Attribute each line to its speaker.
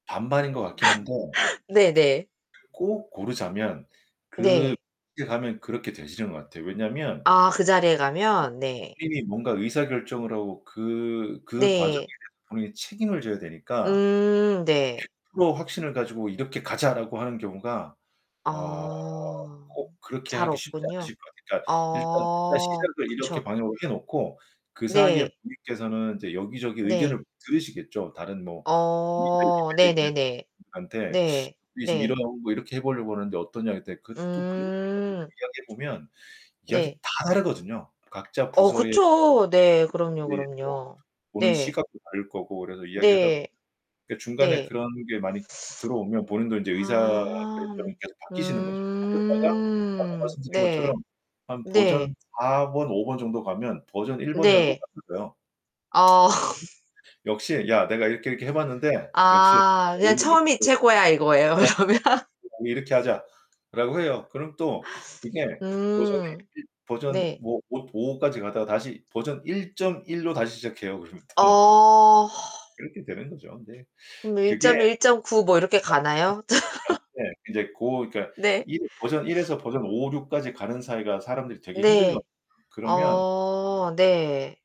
Speaker 1: 반반인 것 같긴 한데.
Speaker 2: 네네.
Speaker 1: 꼭 고르자면 그
Speaker 2: 네.
Speaker 1: [unintelligible] 가면 그렇게 되시는 것 같아요. 왜냐면.
Speaker 2: 아 그 자리에 가면? 네.
Speaker 1: 본인이 뭔가 의사결정을 하고, 그 그 과정에
Speaker 2: 네.
Speaker 1: 대해서 본인이 책임을 져야 되니까.
Speaker 2: 음 네.
Speaker 1: 100% 확신을 가지고 "이렇게 가자."라고 하는 경우가 어
Speaker 2: 아.
Speaker 1: 꼭 그렇게
Speaker 2: 잘
Speaker 1: 하기 쉽지
Speaker 2: 없군요.
Speaker 1: 않으실 것 같아요. 그러니까 일단 일단
Speaker 2: 아.
Speaker 1: 시작을 이렇게
Speaker 2: 그쵸.
Speaker 1: 방향으로 해 놓고 그 사이에
Speaker 2: 네.
Speaker 1: 본인께서는 이제 여기저기
Speaker 2: 네.
Speaker 1: 의견을 들으시겠죠. 다른 뭐
Speaker 2: 어.
Speaker 1: [unintelligible]
Speaker 2: 네네네.
Speaker 1: 한테
Speaker 2: 네.
Speaker 1: 이게 "지금
Speaker 2: 네.
Speaker 1: 이런 거 이렇게 해 보려고 하는데 어떠냐." 했더니 그 또 그 문제
Speaker 2: 음.
Speaker 1: 가지고 이야기해 보면 이야기
Speaker 2: 네.
Speaker 1: 다 다르거든요. 각자
Speaker 2: 어
Speaker 1: 부서의 [unintelligible]
Speaker 2: 그쵸. 네. 그럼요,
Speaker 1: 이제 또
Speaker 2: 그럼요.
Speaker 1: 보는
Speaker 2: 네.
Speaker 1: 시각도 다를 거고 그래서 이야기하다 보면
Speaker 2: 네.
Speaker 1: 그 중간에
Speaker 2: 네.
Speaker 1: 그런 게 많이 들어오면 본인도 이제 의사
Speaker 2: 아.
Speaker 1: 결정이 계속 바뀌시는 거죠. 하셨다가 아까
Speaker 2: 음.
Speaker 1: 말씀드린 것처럼
Speaker 2: 네.
Speaker 1: 한 버전
Speaker 2: 네.
Speaker 1: 4 번, 5 번 정도 가면 버전 1 번이랑
Speaker 2: 네.
Speaker 1: 똑같아져요.
Speaker 2: 아.
Speaker 1: 역시 "야, 내가 이렇게 이렇게 해 봤는데, 역시
Speaker 2: 아. 그냥 '처음이
Speaker 1: [unintelligible]
Speaker 2: 최고야!' 이거예요. 그러면?
Speaker 1: 이렇게 하자." 라고 해요. 그럼 또 그게 버전에
Speaker 2: 음.
Speaker 1: 버전
Speaker 2: 네.
Speaker 1: 뭐 오 5 까지 가다가 다시 버전 1.1 로 다시 시작해요, 그러면 또.
Speaker 2: 어.
Speaker 1: 그렇게 되는 거죠. 근데
Speaker 2: 그럼
Speaker 1: 그게
Speaker 2: 1. 1.9 뭐 이렇게 가나요?
Speaker 1: [unintelligible] 이제 고 그니까
Speaker 2: 네.
Speaker 1: 1 버전 1 에서 버전 5, 6 까지 가는 사이가 사람들이 되게 힘들거든요.
Speaker 2: 네.
Speaker 1: 그러면
Speaker 2: 어. 네.